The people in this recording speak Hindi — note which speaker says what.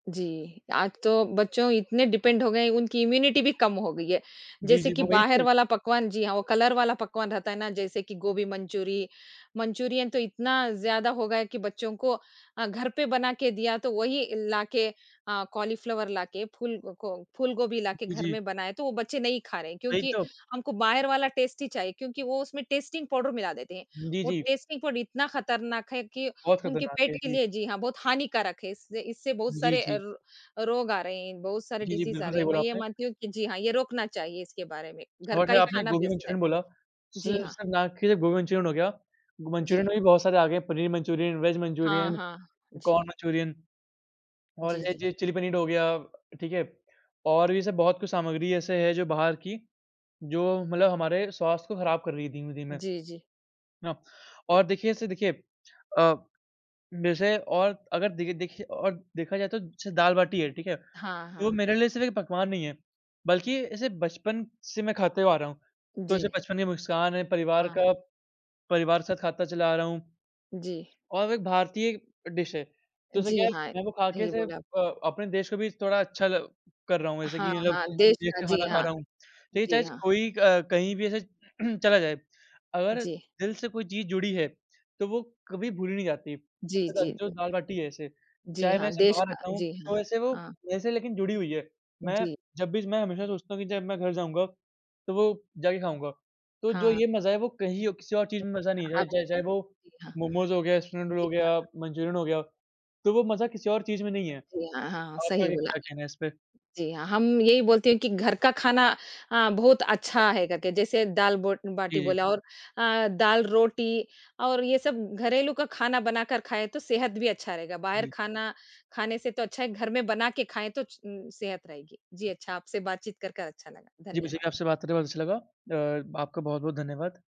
Speaker 1: जी, आज तो बच्चों इतने डिपेंड हो गए उनकी इम्यूनिटी भी कम हो गई है।
Speaker 2: जी,
Speaker 1: जैसे
Speaker 2: जी।
Speaker 1: कि
Speaker 2: वही
Speaker 1: बाहर
Speaker 2: तो।
Speaker 1: वाला पकवान जी हाँ, वो कलर वाला पकवान रहता है ना, जैसे कि गोभी मंचूरी मंचूरियन तो इतना ज़्यादा हो गया है कि बच्चों को अ, घर पे बनाके दिया तो वही लाके अ, कॉलीफ्लावर लाके, फूल को फूलगोभी लाके
Speaker 2: जी,
Speaker 1: घर
Speaker 2: जी।
Speaker 1: में बनाएँ तो वो बच्चे नहीं खा रहें
Speaker 2: वहीं
Speaker 1: क्योंकि
Speaker 2: तो।
Speaker 1: हमको बाहर वाला टेस्ट ही चाहिए क्योंकि वो उसमें टेस्टिंग पाउडर मिला देते हैं।
Speaker 2: जी,
Speaker 1: वो
Speaker 2: जी।
Speaker 1: टेस्टी फूड इतना खतरनाक है कि
Speaker 2: बहुत
Speaker 1: उनके
Speaker 2: खतरनाक
Speaker 1: पेट
Speaker 2: है।
Speaker 1: के
Speaker 2: जी।
Speaker 1: लिए जी हाँ, बहुत हानिकारक है। इससे इससे बहुत
Speaker 2: जी,
Speaker 1: सारे अ,
Speaker 2: जी।
Speaker 1: र रोग आ रहे हैं, बहुत सारे
Speaker 2: जी, जी।
Speaker 1: डिज़ीज़ आ
Speaker 2: बिल्कुल,
Speaker 1: रहे
Speaker 2: सही
Speaker 1: हैं।
Speaker 2: बोला
Speaker 1: मैं यह
Speaker 2: आपने।
Speaker 1: मानती हूँ कि जी हाँ, ये रोकना चाहिए इसके बारे में, घर
Speaker 2: और
Speaker 1: का
Speaker 2: जो
Speaker 1: ही
Speaker 2: आपने
Speaker 1: खाना
Speaker 2: गोभी
Speaker 1: बेस्ट है।
Speaker 2: मंचुरियन बोला। स
Speaker 1: जी हाँ।
Speaker 2: स ना के गोभी मंचुरियन हो गया।
Speaker 1: जी।
Speaker 2: मंचुरियन में भी बहुत सारे आ गए हैं, पनीर मंचुरियन, वेज
Speaker 1: हाँ,
Speaker 2: मंचुरियन,
Speaker 1: हाँ। जी।
Speaker 2: कॉर्न मंचुरियन और
Speaker 1: जी, जी।
Speaker 2: ऐसे चिली पनीर हो गया, ठीक है। और भी सब बहुत कुछ सामग्री ऐसे है जो बाहर की जो मतलब हमारे स्वास्थ्य को खराब कर रही है धीमे-धीमे
Speaker 1: जी, जी।
Speaker 2: ना और देखिए ऐसे देखिए अ, वैसे और अगर देखे देखिए और देखा जाए तो जैसे दाल-बाटी है, ठीक है,
Speaker 1: हाँ,
Speaker 2: तो
Speaker 1: हाँ।
Speaker 2: मेरे लिए सिर्फ़ एक पकवान नहीं है, बल्कि इसे बचपन से मैं खाते हुए आ रहा हूँ। तो
Speaker 1: जी।
Speaker 2: जैसे बचपन की मुस्कान है परिवार
Speaker 1: हाँ।
Speaker 2: का परिवार के साथ खाता चला आ रहा हूँ
Speaker 1: जी।
Speaker 2: और एक भारतीय डिश है। तो जैसे क्या
Speaker 1: जी
Speaker 2: है
Speaker 1: हाँ।
Speaker 2: मैं वो खाके
Speaker 1: सही
Speaker 2: से
Speaker 1: बोला।
Speaker 2: अ, अपने देश को भी थोड़ा अच्छा कर रहा हूँ। जैसे
Speaker 1: हाँ,
Speaker 2: कि ये लोग
Speaker 1: हाँ। देश
Speaker 2: देश
Speaker 1: का
Speaker 2: का
Speaker 1: जी
Speaker 2: खाना खा
Speaker 1: हाँ।
Speaker 2: रहा हूँ। तो ये चाहे
Speaker 1: जी हाँ।
Speaker 2: कोई अ, कहीं भी ऐसे चला जाए। अगर
Speaker 1: जी।
Speaker 2: दिल से कोई चीज़ जुड़ी है तो वो कभी भूली नहीं जाती।
Speaker 1: जी,
Speaker 2: अच्छा,
Speaker 1: जी,
Speaker 2: जो
Speaker 1: जी।
Speaker 2: दाल-बाटी है ऐसे,
Speaker 1: जी
Speaker 2: चाहे मैं
Speaker 1: हाँ।
Speaker 2: ऐसे
Speaker 1: देश
Speaker 2: बाहर
Speaker 1: का
Speaker 2: रहता हूँ
Speaker 1: जी हाँ।
Speaker 2: तो ऐसे वो
Speaker 1: हाँ।
Speaker 2: मेरे से लेकिन जुड़ी हुई है। मैं
Speaker 1: जी।
Speaker 2: जब भी मैं हमेशा सोचता हूँ कि जब मैं घर जाऊँगा तो वो जाके खाऊँगा। तो जो
Speaker 1: हाँ।
Speaker 2: ये मज़ा है वो कहीं और किसी और चीज़ में मज़ा
Speaker 1: हाँ,
Speaker 2: नहीं है।
Speaker 1: आपने
Speaker 2: चाहे
Speaker 1: तो
Speaker 2: चाहे वो
Speaker 1: सही जी हाँ।
Speaker 2: मोमोज़ हो गया, स्प्रिंग रोल
Speaker 1: जी
Speaker 2: हो
Speaker 1: हाँ।
Speaker 2: गया, मंचुरियन हो गया तो वो मज़ा किसी और चीज़ में नहीं
Speaker 1: [unintelligible] हाँ
Speaker 2: है।
Speaker 1: जी। हाँ, हाँ।
Speaker 2: आप
Speaker 1: सही
Speaker 2: आगे
Speaker 1: बोला।
Speaker 2: क्या कहना है इस पे?
Speaker 1: जी हाँ। हम यही बोलते हैं कि घर का खाना अ, बहुत अच्छा है करके जैसे दाल ब बाटी
Speaker 2: जी। इ
Speaker 1: बोला और अ, दाल-रोटी और ये सब घरेलू का खाना बनाकर खाएँ तो सेहत भी अच्छा रहेगा। बाहर
Speaker 2: जी।
Speaker 1: खाना खाने से तो अच्छा है घर में बनाके खाएँ तो च सेहत रहेगी। जी अच्छा, आपसे बातचीत करके अच्छा लगा।
Speaker 2: जी, मुझे
Speaker 1: धन्यवाद।
Speaker 2: भी आपसे बात करके बहुत अच्छा लगा। अ, आपका बहुत-बहुत धन्यवाद।